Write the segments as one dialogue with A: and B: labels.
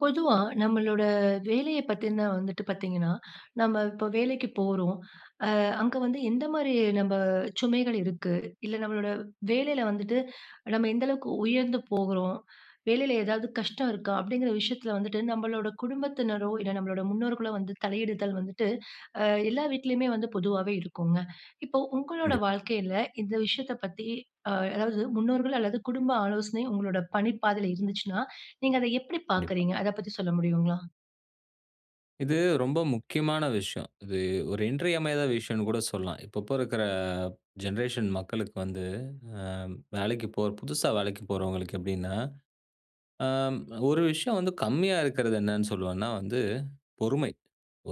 A: பொதுவா நம்மளோட வேலையப் பத்தின வந்துட்டு பார்த்தீங்கன்னா, நம்ம இப்ப வேலைக்கு போறோம். அ, அங்க வந்து எந்த மாதிரி நம்ம சுமைகள் இருக்கு? இல்ல, நம்மளோட வேலையில வந்துட்டு நம்ம எந்த அளவுக்கு உயர்ந்து போகிறோம்? வேலையில ஏதாவது கஷ்டம் இருக்கா? அப்படிங்கிற விஷயத்தில வந்துட்டு, நம்மளோட குடும்பத்தினரோ, இல்ல நம்மளோட முன்னோர்களோ வந்து தலையிடுதல் வந்துட்டு, ஆ, எல்லா வீட்டிலயுமே வந்து பொதுவாவே இருக்குங்க. இப்போ உங்களோட
B: கண்டிப்பா.
A: வாழ்க்கையில, இந்த விஷயத்தப் பத்தி, ஆ, அதாவது முன்னோர்கள் அல்லது குடும்ப ஆலோசனை உங்களோட பணிப் பாதைல இருந்துச்சுன்னா, நீங்க அத எப்படிப்
B: கண்டிப்பா.
A: பார்க்குறீங்க? அத பத்தி சொல்ல முடியுங்களா?
B: இது ரொம்ப முக்கியமான விஷயம். இது ஒரு இன்றியமையாத விஷயம்ன்னு கூட சொல்லலாம். இப்ப, இப்போ இருக்கிற ஜெனரேஷன் மக்களுக்கு வந்து, அ, வேலைக்கு போற புதுசா வேலைக்கு போறவங்களுக்கு எப்படின்னா, ஆ, ஒரு விஷயம் வந்து கம்மியா இருக்குறது என்னன்னு சொல்வேன்னா, வந்து பொறுமை.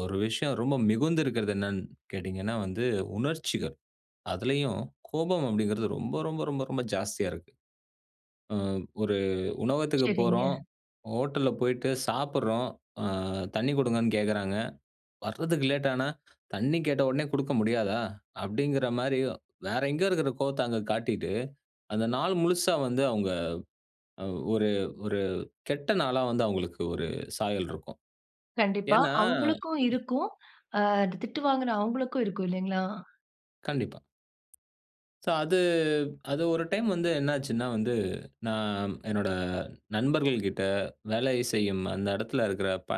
B: ஒரு விஷயம் ரொம்ப மிகுந்து இருக்குறது என்னன்னு கேட்டீங்கன்னா, வந்து உணர்ச்சிகள். அதிலயும் கோபம் அப்படிங்கிறது ரொம்ப, ரொம்ப, ரொம்ப, ரொம்ப ஜாஸ்தியா இருக்கு. அ, ஒரு உணவகத்துக்கு
A: சரிங்க.
B: போறோம் ஹோட்டல்ல போயிட்டு சாப்பிடுறோம். அ, தண்ணி குடுங்கன்னு கேட்குறாங்க. வர்றதுக்கு லேட் ஆனா, "தண்ணி கேட்ட உடனே குடுக்க முடியாதா?" அப்படிங்கிற மாதிரியும், வேற எங்கேயோ இருக்கிற கோவத்த அங்க காட்டிட்டு, அந்த நாள் முழுசா வந்து அவங்க அ, ஒரு ஒரு கெட்ட நாளா வந்து அவங்களுக்கு ஒரு சாயல் இருக்கும்.
A: கண்டிப்பா.
B: ஏன்னா,
A: அவுங்களுக்கும்
B: இவுங்க
A: இருக்கும். அ, திட்டு வாங்குன அவுங்களுக்கும் இருக்கும் இல்லையா?
B: கண்டிப்பா. சோ, அது, அது ஒரு டைம் வந்து என்ன ஆச்சுன்னா வந்து, நான் அ என்னோட நண்பர்கள்கிட்ட வேலை செய்யும் அந்த இடத்தில இருக்கிற ப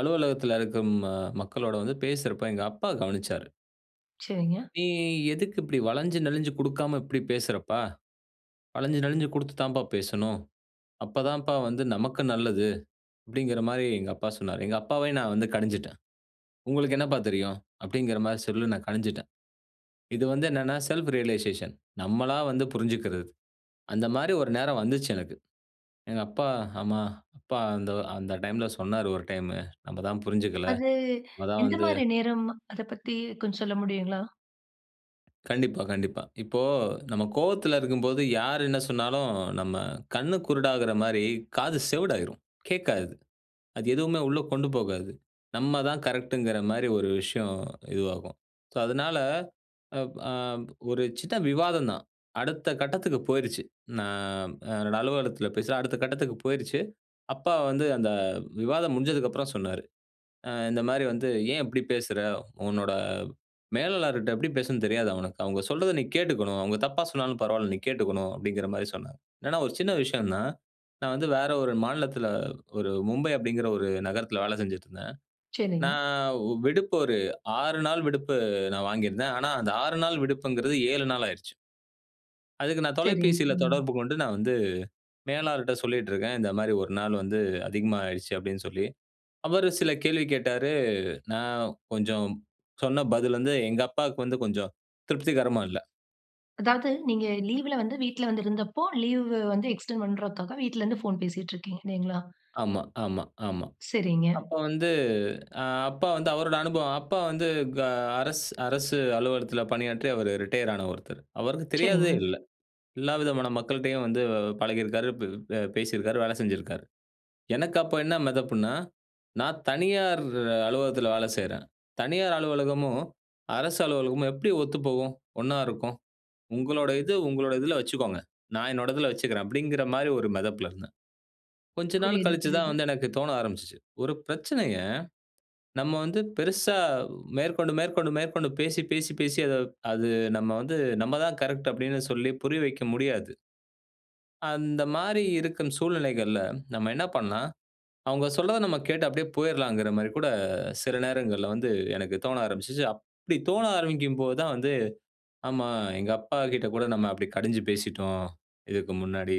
B: அலுவலகத்தில இருக்கும் ம மக்களோட வந்து பேசுறப்ப எங்க அப்பா கவனிச்சாரு.
A: சரிங்க.
B: "நீ எதுக்கு இப்படி வளஞ்சு நெளிஞ்சு கொடுக்காம இப்படி பேசுறப்பா! வளஞ்சு நெளிஞ்சு கொடுத்து தாம்பா பேசணும். அப்பதான் வந்து நமக்கு நல்லது." அப்பிடிங்கிறமாரி எங்க அப்பா சொன்னாரு. எங்க அப்பாவ நான் வந்து கடிஞ்சுட்டேன். "உங்களுக்கு என்னப்பா தெரியும்?" அப்பிடிங்கிற மாரி சொல்லி நான் கடிஞ்சுட்டேன். இது வந்து என்னன்னா? செல்ஃப் ரியலைசேஷன் நம்மளா வந்து புரிஞ்சுக்கிறது. அந்தமாரி ஒரு நேரம் வந்துச்சு எனக்கு. எங்க அப்பா, ஆமா அப்பா அந்த, அந்த டைம்ல சொன்னாரு ஒரு டைம். நம்ம தான் புரிஞ்சுக்கல.
A: அது
B: நம்ம தான் வந்து
A: எந்தமாரி நேரம்? அத பத்தி கொஞ்சம் சொல்ல முடியுங்களா?
B: கண்டிப்பா, கண்டிப்பா. இப்போ நம்ம கோபத்தில இருக்கும்போது யார் என்ன சொன்னாலும் நம்ம கண்ணு குருடாகிறமாரி காது செவிடாயிரும். கேட்காது. அது எதுவுமே உள்ளே கொண்டு போகாது. நம்ம தான் கரெக்ட்ங்கிற மாரி ஒரு விஷயம் இதுவாகும். சோ, அதுனால அ ஒரு சின்ன விவாதம் தான். அடுத்த கட்டத்துக்கு போயிருச்சு. நான் என்னோட அலுவலகத்தில பேசுறேன். அடுத்த கட்டத்துக்கு போயிருச்சு. அப்பா வந்து அந்த விவாதம் முடிஞ்சதுக்கு அப்புறம் சொன்னாரு. ஆ இந்தமாரி வந்து, "ஏன் இப்பிடி பேசுற? உன்னோட மேலாளர்ட்ட எப்பிடி பேசணுன்னு தெரியாதா உனக்கு? அவுங்க சொல்றத நீ கேட்டுக்கணும். அவுங்க தப்பா சொன்னாலும் பரவாயில. நீ கேட்டுக்கணும்." அப்பிடிங்கிறமாரி சொன்னாரு. ஏன்னா ஒரு சின்ன விஷயம் தான், நான் வந்து வேற ஒரு மாநிலத்தில ஒரு மும்பை அப்பிடிங்கிற ஒரு நகரத்தில வேலை செஞ்சுட்டு இருந்தேன்.
A: சரிங்க.
B: நான் விடுப்பு ஒரு 6 நாள் விடுப்பு நான் வாங்கியிருந்தேன். ஆனா, அந்த 6 நாள் விடுப்புங்கிறது 7 நாள் ஆயிருச்சு. அதுக்கு நான்
A: சரி,
B: தொலைபேசியில
A: ம்.
B: தொடர்பு கொண்டு நான் வந்து மேலாளர்ட்ட சொல்லிட்டு இருக்கேன். "இந்தமாரி ஒரு நாள் வந்து அதிகமா ஆயிடுச்சு" அப்பிடின்னு சொல்லி. அவரு சில கேள்வி கேட்டாரு. நான் கொஞ்சம் சொன்ன பதில வந்து எங்க அப்பாவுக்கு வந்து கொஞ்சம் திருப்திகரமா இல்ல.
A: அதாவது, நீங்க லீவ்ல வந்து வீட்ல வந்து இருந்தப்போ, லீவு வந்து எக்ஸ்டெண்ட் பண்றதுக்கு வீட்லருந்து ஃபோன் பேசிட்டிருக்கீங்க, இல்லையா?
B: ஆமா, ஆமா, ஆமா.
A: சரிங்க.
B: அப்போ வந்து ஆ, அப்பா வந்து அவரோட அனுபவம். அப்பா வந்து க அரசு அரசு அலுவலகத்துல பணியாற்றி, அவரு ரிட்டயர் ஆன ஒருத்தர். அவருக்கு தெரியாததே
A: சரிங்க.
B: இல்ல. எல்லா விதமான மக்கள்ட்டேயும் வந்து பழகியிருக்காரு, ப் பே பேசியிருக்காரு, வேலை செஞ்சிருக்காரு. எனக்கு அப்போ என்ன மெதப்புன்னா, "நா தனியார் அலுவலகத்துல வேல செய்யறேன். தனியார் அலுவலகமும், அரசு அலுவலகமும் எப்படி ஒத்துப்போகும்? ஒன்னா இருக்கும்? உங்களோட இது, உங்களோட இதுல வச்சுக்கோங்க. நா என்னோட இதுல வச்சுக்குறேன்." அப்படீங்கிற மாதிரி ஒரு மெதப்புல இருந்தேன். கொஞ்ச நாள்
A: புரியுது,
B: கழிச்சுதான்
A: புரியுது.
B: வந்து எனக்கு தோண ஆரம்பிச்சிச்சு. "ஒரு பிரச்சனைய நம்ம வந்து பெருசா, மேற்கொண்டு மேற்கொண்டு மேற்கொண்டு பேசி பேசி பேசி அத அது நம்ம வந்து, நம்ம தான் கரெக்ட்டு." அப்படீன்னு சொல்லி புரிய வைக்க முடியாது. அந்த மாதிரி இருக்கும் சூழ்நிலைகள்ல நம்ம என்ன பண்ணலாம், அவங்க சொல்றத நம்ம கேட்டு அப்படியே போயிறலாம்கிற மாதிரி கூட சில நேரங்கள்ல வந்து எனக்கு தோண ஆரம்பிச்சுச்சு. அப்படி தோண ஆரம்பிக்கும்போதுதான் வந்து, "ஆமா, எங்க அப்பா கிட்ட கூட நம்ம அப்படி கடிஞ்சு பேசிட்டோம், இதுக்கு முன்னாடி.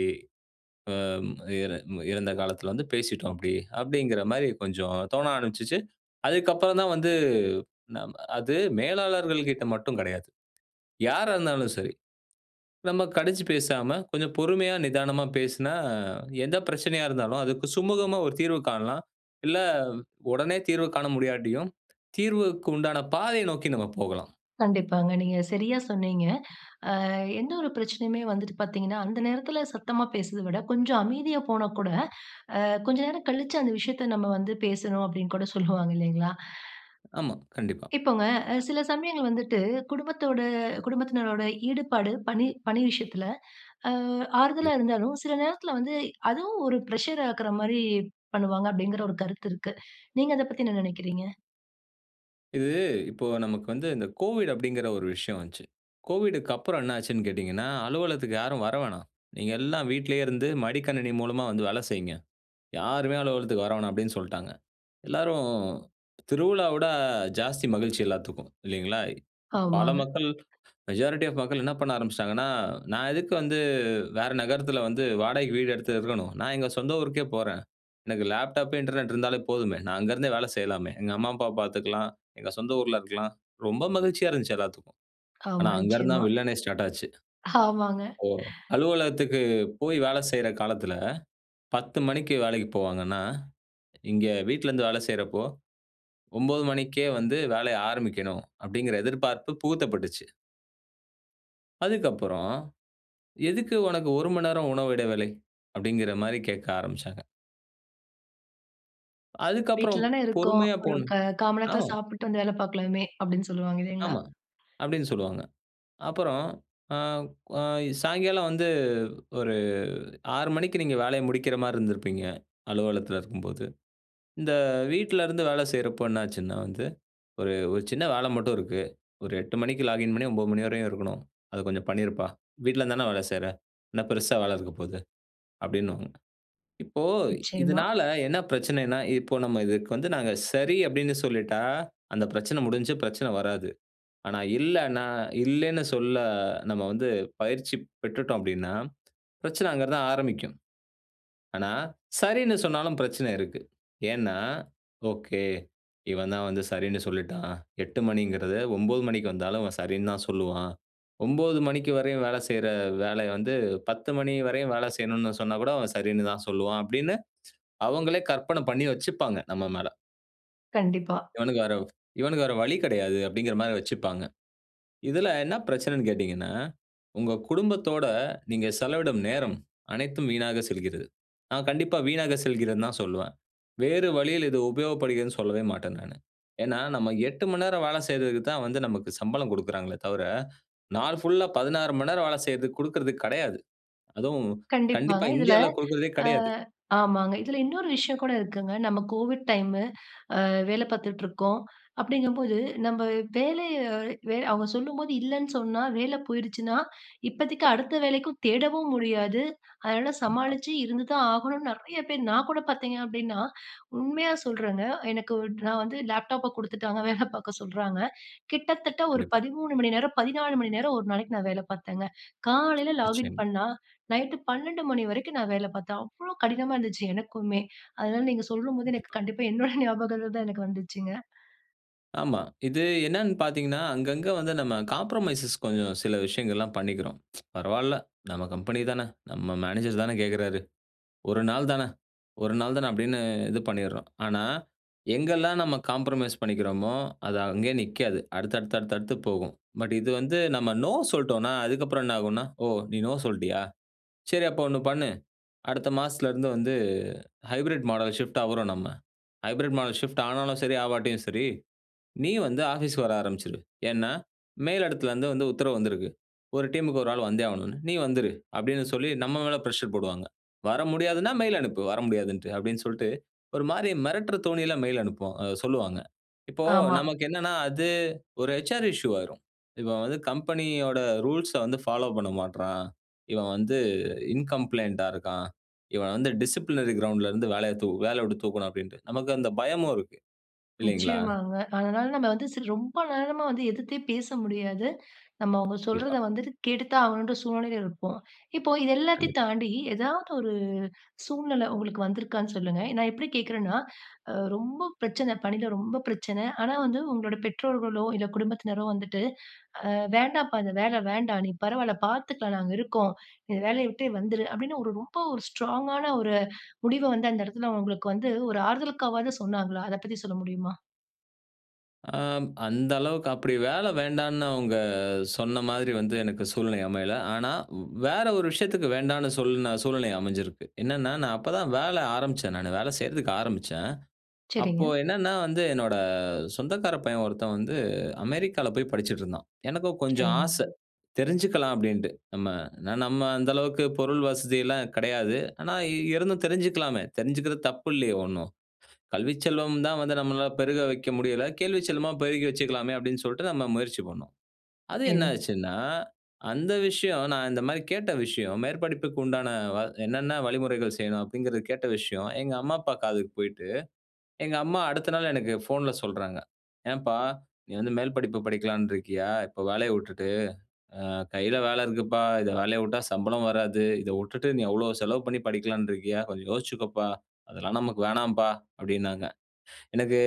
B: அம், இற இறந்த காலத்துல வந்து பேசிட்டோம் அப்படி." அப்படீங்கிற மாதிரி கொஞ்சம் தோண ஆரம்பிச்சுச்சு. அதுக்கப்பறம்தான் வந்து ந அது மேலாளர்கள் கிட்ட மட்டும் கிடையாது. யாரா இருந்தாலும் சரி, நம்ம கடிஞ்சு பேசாம கொஞ்சம் பொறுமையா, நிதானமா பேசுனா எந்தப் பிரச்சனையா இருந்தாலும், அதுக்கு சுமூகமா ஒரு தீர்வு காணலாம். இல்ல, உடனே தீர்வு காண முடியாட்டியும், தீர்வுக்கு உண்டான பாதைய நோக்கி நம்ம போகலாம்.
A: கண்டிப்பாங்க. நீங்க சரியா சொன்னீங்க. அ, எந்த ஒரு பிரச்சனையுமே வந்துட்டு பார்த்தீங்கன்னா, "அந்த நேரத்துல சத்தமா பேசுறத விட கொஞ்சம் அமைதியா போனா கூட, அ, கொஞ்சம் நேரம் கழிச்சு அந்த விஷயத்த நம்ம வந்து பேசணும்." அப்படீன்னு கூட சொல்லுவாங்க இல்லையா?
B: ஆமா. கண்டிப்பா.
A: இப்போங்க, அ, சில சமயங்கள் வந்துட்டு, "குடும்பத்தோட குடும்பத்தினரோட ஈடுபாடு, பணி பணி விஷயத்துல, அ, ஆறுதலா
B: கண்டிப்பா.
A: இருந்தாலும், சில நேரத்துல வந்து அதுவும் ஒரு பிரஷர் ஆக்குற மாதிரி பண்ணுவாங்க." அப்படீங்கிற ஒரு கருத்து இருக்கு. நீங்க அதைப் பத்தி என்ன நெனைக்கிறீங்க?
B: கண்டிப்பா. இது இப்போ நமக்கு வந்து இந்த கோவிட் அப்படிங்கிற ஒரு விஷயம் வந்துச்சு. கோவிட்க்கு அப்புறம் என்ன ஆச்சுன்னு கேட்டீங்கன்னா, அலுவலகத்துக்கு யாரும் வர வேணாம். நீங்க எல்லாம் வீட்டிலேயே இருந்து மடிக்கணினி மூலமா வந்து வேலை செய்யுங்க. யாருமே அலுவலகத்துக்கு வரவேணாம் அப்படின்னு சொல்ட்டாங்க. எல்லாரும் திருவிழாவ விட ஜாஸ்தி மகிழ்ச்சி எல்லாத்துக்கும். இல்லீங்களா? பல
A: ஆமாங்க.
B: மக்கள், மெஜாரிட்டி ஆஃப் மக்கள் என்ன பண்ண ஆரம்பிச்சிட்டாங்கன்னா, "நான் எதுக்கு வந்து வேற நகரத்துல வந்து வாடகைக்கு வீடு எடுத்து இருக்கணும். நான் எங்க சொந்த ஊருக்கே போறேன். எனக்கு லேப்டாப், இன்டர்நெட் இருந்தாலே போதுமே. நான் அங்கிருந்தே வேலை செய்யலாமே! எங்க அம்மா, அப்பாவ பார்த்துக்கலாம். எங்க சொந்த ஊர்ல இருக்கலாம்." ரொம்ப மகிழ்ச்சியா இருந்துச்சு எல்லாத்துக்கும். ஆனா,
A: ஆமா,
B: அங்க
A: நிச்சயமா.
B: இருந்துதான் வில்லனே ஸ்டார்ட் ஆச்சு.
A: ஆமாங்க.
B: ஓ! அலுவலகத்துக்கு போய் வேலை செய்ற காலத்துல 10:00 மணிக்கு வேலைக்கு போவாங்கன்னா, இங்க வீட்ல இருந்து வேலை செய்றப்போ 9:00 மணிக்கே வந்து வேலைய ஆரம்பிக்கணும் அப்படிங்கிற எதிர்பார்ப்பு புகுத்தப்பட்டுச்சு. அதுக்கப்புறம், "எதுக்கு உனக்கு ஒரு மணி நேரம் உணவு இடைவேளை?" அப்படிங்கிற மாதிரி கேட்க ஆரம்பிச்சாங்க. அதுக்கு அப்புறம்
A: வீட்லதான இருக்கோம்.
B: பொறுமையா
A: ஒரு க
B: போணும்
A: 1/4 மணி நேரத்துல
B: ஆமா.
A: சாப்புட்டு வந்து வேலை பார்க்கலாமே அப்படின்னு சொல்வாங்க. இல்லீங்களா!
B: ஆமா. அப்படின்னு சொல்வாங்க. அப்புறம், ஆ, சாயங்காலம் வந்து ஒரு 6:00 மணிக்கு நீங்க வேலைய முடிக்கிற மாதிரி இருந்திருப்பீங்க. அலுவலகத்துல இருக்கும்போது. இந்த வீட்ல இருந்து வேலை செய்றப்போ என்ன ஆச்சுன்னா வந்து, "ஒரு, ஒரு சின்ன வேலை மட்டும் இருக்கு. ஒரு 8:00 மணிக்கு லாகின் பண்ணி 9:00 மணி வரையும் இருக்கணும். அத கொஞ்சம் பண்ணிருப்பா! வீட்ல இருந்து தானே வேலை செய்ற. என்ன பெருசா வேலை இருக்கப் போகுது", அப்படின்னுவாங்க. இப்போ
A: நிச்சயமா.
B: இதனால என்ன பிரச்சனைனா, இப்போ நம்ம இதுக்கு வந்து நாங்க சரி அப்படின்னு சொல்லிட்டா, அந்த பிரச்சனை முடிஞ்சு. பிரச்சனை வராது. ஆனா, இல்லனா, இல்லன்னு சொல்ல நம்ம வந்து பயிற்சி பெற்றுட்டோம் அப்படின்னா, பிரச்சனை அங்க தான் ஆரம்பிக்கும். ஆனா, சரின்னு சொன்னாலும் பிரச்சனை இருக்கு. ஏன்னா, "ஓகே. இவன் தான் வந்து சரின்னு சொல்லிட்டான். 8:00 மணிங்கிறது 9:00 மணிக்கு வந்தாலும், அவன் சரின்னு தான் சொல்லுவான். 9:00 மணிக்கு வரையும் வேலை செய்யிற வேலைய வந்து, 10:00 மணி வரையும் வேலை செய்யணுன்னு சொன்னா கூட அவன் சரின்னு தான் சொல்லுவான்." அப்படின்னு, அவுங்களே கற்பனை பண்ணி வச்சுப்பாங்க நம்ம மேல.
A: கண்டிப்பா.
B: "இவனுக்கு வேற இவனுக்கு வேற வழி கெடையாது." அப்படீங்கற மாரி வச்சுப்பாங்க. இதுல என்ன பிரச்சனைன்னு கேட்டீங்கன்னா, உங்க குடும்பத்தோட நீங்க செலவிடும் நேரம் அனைத்தும் வீணாக செல்கிறது. நா கண்டிப்பா வீணாக செல்கிறதுன்னு தான் சொல்லுவேன். வேறு வழியில் இது உபயோகப்படுகிறதுன்னு சொல்லவே மாட்டேன் நானு. ஏன்னா, நம்ம 8 மணி நேரம் வேல செய்றதுக்கு தான் வந்து நமக்கு சம்பளம் குடுக்கறாங்களே தவிர, நாள் ஃபுல்லா 16 மணி நேரம் வேல செய்றதுக்கு குடுக்குறது கெடையாது. அதுவும்,
A: கண்டிப்பாங்க.
B: கண்டிப்பா
A: இதுல
B: இந்தியாவில குடுக்குறதே
A: அ
B: கெடையாது.
A: ஆமாங்க. இதுல இன்னொரு விஷயம் கூட இருக்குங்க. நம்ம கோவிட் டைமு. அ, வேல பார்த்துட்ருக்கோம். அப்படீங்கும்போது நம்ப வேலைய வே அவங்க சொல்லும்போது இல்லன்னு சொன்னா, வேலை போயுருச்சுன்னா, இப்பத்திக்கு அடுத்த வேலைக்கும் தேடவும் முடியாது. அதனால
B: கண்டிப்பா.
A: சமாளிச்சு இருந்து தான் ஆகணும்ன்னு நெறைய பேர், நா கூட பார்த்தீங்க அப்படீன்னா, உண்மையா சொல்றேங்க. எனக்கு ஒரு நா வந்து லேப்டாப்ப குடுத்துட்டாங்க. வேல பார்க்க சொல்றாங்க. கிட்டத்தட்ட ஒரு
B: கண்டிப்பா.
A: 13 மணிநேரம், 14 மணி நேரம் ஒரு நாளைக்கு நா வேல பார்த்தேங்க. காலையில லாகின்
B: நிச்சயமா.
A: பண்ணா நைட்டு 12:00 வரைக்கும் நா வேல பார்த்தேன். அவ்வளோ கடினமா இருந்துச்சு எனக்குமே. அதனால நீங்க சொல்லும்போது, எனக்கு
B: கண்டிப்பா.
A: கண்டிப்பா என்னோட ஞாபகங்கள் தான் எனக்கு வந்துச்சுங்க.
B: ஆமா. இது என்னன்னு பாத்தீங்கன்னா, அங்கங்க வந்து நம்ம காம்ப்ரமைசஸ் கொஞ்சம் சில விஷயங்கள்லாம் பண்ணிக்குறோம். பரவால்ல, நம்ம கம்பெனி தானே, நம்ம மேனேஜர் தானே கேட்குறாரு. 1 நாள் தானே, 1 நாள் தானே அப்படின்னு இது பண்ணீர்றோம். ஆனா, எங்கெல்லாம் நம்ம காம்ப்ரமைஸ் பண்ணிக்கிறோமோ, அது அங்கேயே நிக்காது. அடுத்து அடுத்து அடுத்து அடுத்து போகும். பட் இது வந்து நம்ம நோ சொல்ட்டோம்னா, அதுக்கப்புறம் என்ன ஆகும்னா, ஓ, நீ நோ சொல்ட்டியா? சரி, அப்ப ஒண்ணு பண்ணு. அடுத்த மாசத்துல இருந்து வந்து ஹைப்ரிட் மாடல் ஷிஃப்ட் ஆவுறோம் நம்ம. ஹைப்ரிட் மாடல் ஷிஃப்ட் ஆனாலும் சரி, ஆவாட்டியும் சரி, நீ வந்து ஆஃபீஸ் வர ஆரம்பிச்சுரு. ஏன்னா, மேல் இடத்துலருந்து வந்து உத்தரவு வந்திருக்கு. 1 டீம் க்கு 1 ஆள் வந்தே ஆகணும்னு. நீ வந்துரு அப்படின்னு சொல்லி நம்ம மேல பிரஷர் போடுவாங்க. வர முடியாதுன்னா மெயில் அனுப்பு, வர முடியாதுன்னுட்டு அப்படின்னு சொல்லிட்டு, ஒரு மாதிரி மிரட்டுற தோணில மெயில் அனுப்பச் சொல்லுவாங்க. இப்போ
A: ஆமா.
B: நமக்கு என்னன்னா, அது ஒரு ஹச்.ஆர் இஷ்யூ ஆயிரும். இவன் வந்து கம்பெனியோட ரூல்ஸ்ச வந்து ஃபாலோ பண்ண மாட்றான். இவன் வந்து இன்கம்ப்ளையிண்ட்டா இருக்கான். இவன் வந்து டிசிப்ளினரி கிரவுண்டுலருந்து வேலையதூ வேலைய விட்டு தூக்கணும் அப்படின்னுட்டு, நமக்கு அந்த பயமும் இருக்கு. இல்லிங்களா?
A: நிச்சயமாங்க. அதனால நம்ம வந்து சில ரொம்ப நேரமா வந்து எதிர்த்தே பேச முடியாது. நம்ம அவங்க
B: கண்டிப்பா.
A: சொல்றத வந்துட்டு கேட்டு தான் ஆகணும்ன்ற சூழ்நிலைல இருப்போம். இப்போ இதெல்லாத்தையும்
B: கண்டிப்பா.
A: தாண்டி ஏதாவது ஒரு சூழ்நிலை உங்களுக்கு வந்துருக்கான்னு சொல்லுங்க. நான் எப்டி கேட்குறனா, அ, ரொம்ப பிரச்சனைல, ரொம்ப பிரச்சனை ஆனா, வந்து உங்களுடைய பெற்றோர்களோ, இல்ல குடும்பத்தினரோ வந்துட்டு, "அ, வேண்டாம்ப்பா, அந்த வேல வேண்டா, நீ பரவால்ல பாத்துக்கலாம், நாங்க இருக்கோம். இந்த வேலய விட்டே வந்துரு" அப்படின்னு ஒரு ரொம்ப ஒரு ஸ்ட்ராங்கான ஒரு முடிவ வந்து, அந்த இடத்துல உங்களுக்கு வந்து ஒரு ஆறுதலுக்காகவாவது சொன்னாங்களா? அதைப் பத்தி சொல்ல முடியுமா?
B: ஆம். அந்த அளவுக்கு அப்படி வேலை வேண்டாம்னு அவங்க சொன்ன மாதிரி வந்து, எனக்கு சூழ்நிலை அமையல. ஆனா, வேற ஒரு விஷயத்துக்கு வேண்டாம்னு சொல்லுன சூழ்நிலை அமைஞ்சிருக்கு. என்னான்னா, நான் அப்பதான் வேலை ஆரம்பிச்சேன், நானு. வேலை செய்யறதுக்கு ஆரம்பிச்சேன். அப்போ,
A: சரிங்க.
B: என்னோட சொந்தக்காரப் பையன் ஒருத்தன் வந்து, அமெரிக்காவில் போய் படிச்சிட்டு இருந்தான். எனக்கும் கொஞ்சம் ஆசை.
A: சரிங்க.
B: தெரிஞ்சுக்கலாம் அப்படீன்னுட்டு, நம்ம ஏன்னா, நம்ம அந்த அளவுக்கு பொருள் வசதியெல்லாம் கிடையாது. ஆனா, இருந்தும் தெரிஞ்சுக்கலாமே. தெரிஞ்சுக்கிறது தப்பு இல்லையே ஒண்ணும்! "கல்விச் செல்வம் தான் வந்து நம்மளால பெருக வைக்க முடியல. கேள்விச் செல்வமா பெருகி வச்சுக்கலாமே" அப்படீன்னு சொல்லிட்டு நம்ம முயற்சி பண்ணோம். அது என்ன
A: சரி.
B: ஆச்சுன்னா, அந்த விஷயம், நான் இந்த மாதிரி கேட்ட விஷயம், மேற்படிப்புக்கு உண்டான வ என்னான்ன வழிமுறைகள் செய்யணும்? அப்படீங்கிறது கேட்ட விஷயம், எங்க அம்மா, அப்பா காதுக்கு போயிட்டு, எங்க அம்மா அடுத்த நாள், எனக்கு ஃபோன்ல சொல்றாங்க. "ஏன்பா, நீ வந்து மேல் படிப்பு படிக்கலாம்னு இருக்கியா? இப்ப வேலைய விட்டுட்டு? ஆ, கையில் வேலை இருக்குப்பா. இதை வேலைய விட்டா சம்பளம் வராது. இதை விட்டுட்டு, நீ அவ்வளவு செலவு பண்ணி படிக்கலான்ட்டு இருக்கியா? கொஞ்சம் யோசிச்சுக்கப்பா. அதெல்லாம் நமக்கு வேணாம்பா" அப்படீன்னாங்க. எனக்கு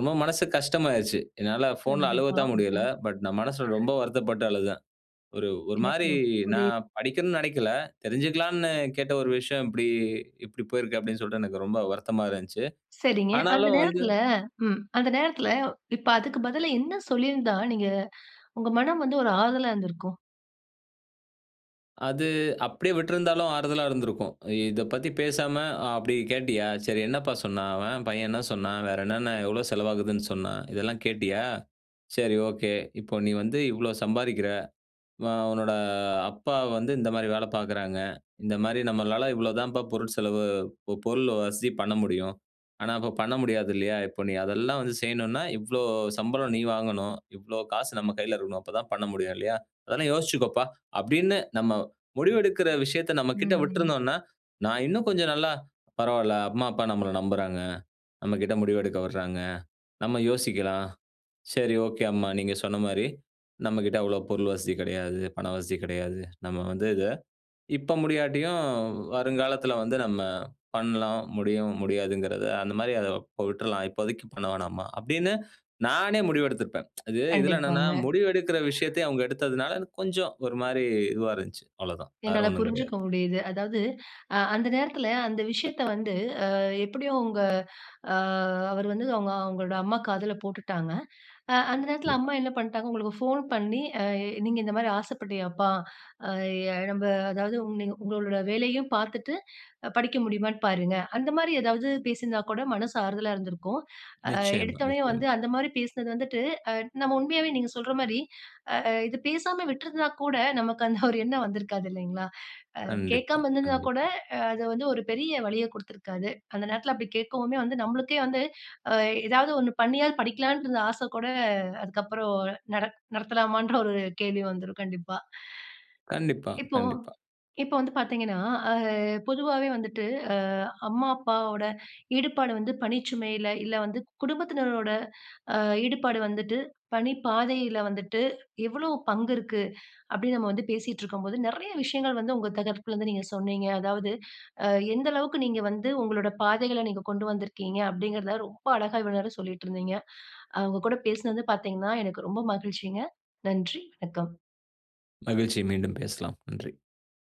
B: ரொம்ப மனசு கஷ்டமாகிருச்சு. என்னால ஃபோன்ல
A: கண்டிப்பா.
B: அழுவத்தான்
A: ஆஹ்ம்.
B: முடியல. பட் நான் மனசுல ரொம்ப வருத்தப்பட்டு அழுதேன். ஒரு ஒரு
A: எனக்கு
B: மாதிரி,
A: புரியு
B: நான் படிக்கணும்னு நெனைக்கல. தெரிஞ்சுக்கலாம்னு கேட்ட ஒரு விஷயம் இப்படி இப்படி போயிருக்கு அப்படீன்னு சொல்லிட்டு, எனக்கு ரொம்ப வருத்தமா இருந்துச்சு.
A: சரிங்க. அந்த
B: ஆனாலும் வந்து
A: நேரத்துல ம். அந்த நேரத்துல இப்ப, அதுக்கு பதிலா என்ன சொல்லிருந்தா, நீங்க உங்க மனம் வந்து ஒரு ஆறுதலா இருந்திருக்கும்?
B: அது அப்படியே விட்டுருந்தாலும் ஆறுதலா இருந்திருக்கும். இ இதைப் பற்றிப் பேசாம, "அப்படி கேட்டியா? சரி, என்னப்பா சொன்னான் அவன்? பையன் என்ன சொன்னான்? வேற என்னென்ன, எவ்வளவு செலவாகுதுன்னு சொன்னான்? இதெல்லாம் கேட்டியா? சரி, ஒகே. இப்ப, கு நீ வந்து இவ்வளவு சம்பாரிக்கிற. உன்னோட அப்பா வந்து இந்த மாதிரி வேலை பார்க்குறாங்க. இந்த மாதிரி நம்மளால இவ்வளவுதாம்பா பொருள்செலவு பொருள் வசதி பண்ண முடியும். ஆனா, இப்ப பண்ண முடியாது. இல்லையா? இப்ப, நீ அதெல்லாம் வந்து செய்யணும்னா, இவ்வளவு சம்பளம் நீ வாங்கணும்? இவ்வளவு காசு நம்ம கையில இருக்கணும். அப்ப தான் பண்ண முடியும் இல்லையா? அதெல்லாம் யோசிச்சுக்கப்பா." அப்படீன்னுட்டு, நம்ம முடிவெடுக்கிற விஷயத்த நம்மகிட்ட
A: ம், ம்.
B: விட்டுருந்தோன்னா, நான் இன்னும் கொஞ்சம் நல்லா, "பரவால்ல அம்மா, அப்பா நம்மள நம்புறாங்க. நம்மகிட்ட முடிவு எடுக்க விடுறாங்க. நம்ம யோசிக்கலாம். சரி, ஒகே அம்மா. நீங்க சொன்ன மாதிரி, நம்மகிட்ட அவ்வளவு பொருள் வசதி கிடையாது, பண வசதி கிடையாது. நம்ம வந்து இதை இப்ப முடியாட்டியும், வருங்காலத்துல வந்து நம்ம பண்ணலாம், முடியும், முடியாதுங்கிறத, அந்த மாதிரி அதை இப்ப விட்றலாம். இப்போதைக்கு பண்ண வேணாம்மா." அப்படீன்னு, நானே முடிவெடுத்திருப்பேன். இது இதுல என்னன்னா,
A: கண்டிப்பாங்க.
B: முடிவெடுக்கிற விஷயத்த அவுங்க எடுத்ததுனால, எனக்கு கொஞ்சம் ஒரு மாதிரி இதுவா இருந்துச்சு. அவ்வளவுதான். வேற
A: என்னால்
B: ஒண்ணும் கிடையாது.
A: புரிஞ்சுக்க முடியுது. அதாவது, அந்த நேரத்துல, அந்த விஷயத்த வந்து, எப்படியும் உங்க. ஆ, அவரு வந்து, அவங்க உங்களோட அம்மா காதுல போட்டுட்டாங்க. அந்த நேரத்துல
B: கண்டிப்பா.
A: அம்மா என்ன பண்ணிட்டாங்க, உங்களுக்கு ஃபோன் பண்ணி, "அ, நீங்க இந்த மாதிரி ஆசைப்பட்டியப்பா? அ, நம்ப அதாவது, நீங்க உங்களோட வேலையும் பார்த்துட்டு, படிக்க முடியுமான்னு பாருங்க." அந்த மாதிரி ஏதாவது பேசிருந்தா கூட மனசு ஆறுதலா இருந்திருக்கும். அ,
B: நிச்சயமா,
A: எடுத்த உடனே
B: நிச்சயமா.
A: வந்து அந்த மாதிரி பேசினது வந்துட்டு, அ, நம்ம உண்மையாவே நீங்க சொல்ற மாதிரி, ஆ, இது பேசாம விட்டுருந்தா கூட, நமக்கு அந்த ஒரு எண்ணம் வந்திருக்காது. இல்லையாங்க? அ,
B: கண்டிப்பா.
A: கேக்காம இருந்திருந்தா கூட,
B: கண்டிப்பா.
A: அ, அது வந்து ஒரு பெரிய வலியைக் குடுத்திருக்காது. அந்த நேரத்துல அப்படி கேக்கவுமே வந்து, நம்மளுக்கே வந்து, அ, ஏதாவது ஒண்ணு பண்ணியாவது படிக்கலான்ட்டு இருந்த ஆசை கூட, அதுக்கு அப்புறம் நடத் நடத்தலாமான்ற ஒரு கேள்வி வந்துரும். கண்டிப்பா.
B: கண்டிப்பா,
A: இப்போ
B: கண்டிப்பா.
A: இப்போ வந்து பார்த்தீங்கன்னா, அ, பொதுவாவே வந்துட்டு, அ, அம்மா, அப்பாவோட ஈடுபாடு வந்து பணிச்சுமையில, இல்ல வந்து, குடும்பத்தினரோட ஈடுபாடு வந்துட்டு, பணிப்பாதையில வந்துட்டு எவ்வளவு பங்கு இருக்கு, அப்படீன்னு நம்ம வந்து பேசிட்டு இருக்கும்போது, நிறைய விஷயங்கள் வந்து உங்க தரப்புல இருந்து நீங்க சொன்னீங்க. அதாவது, எந்த அளவுக்கு நீங்க வந்து உங்களோட பாதைகள நீங்க கொண்டு வந்திருக்கீங்க. அப்படிங்கிறத, ரொம்ப அழகா இவ்வளவு நேரம் சொல்லிட்டு இருந்தீங்க. உங்க கூட பேசினது பார்த்தீங்கன்னா, எனக்கு ரொம்ப மகிழ்ச்சிங்க. நன்றி. வணக்கம்.
B: மகிழ்ச்சி. மீண்டும் பேசலாம். நன்றி.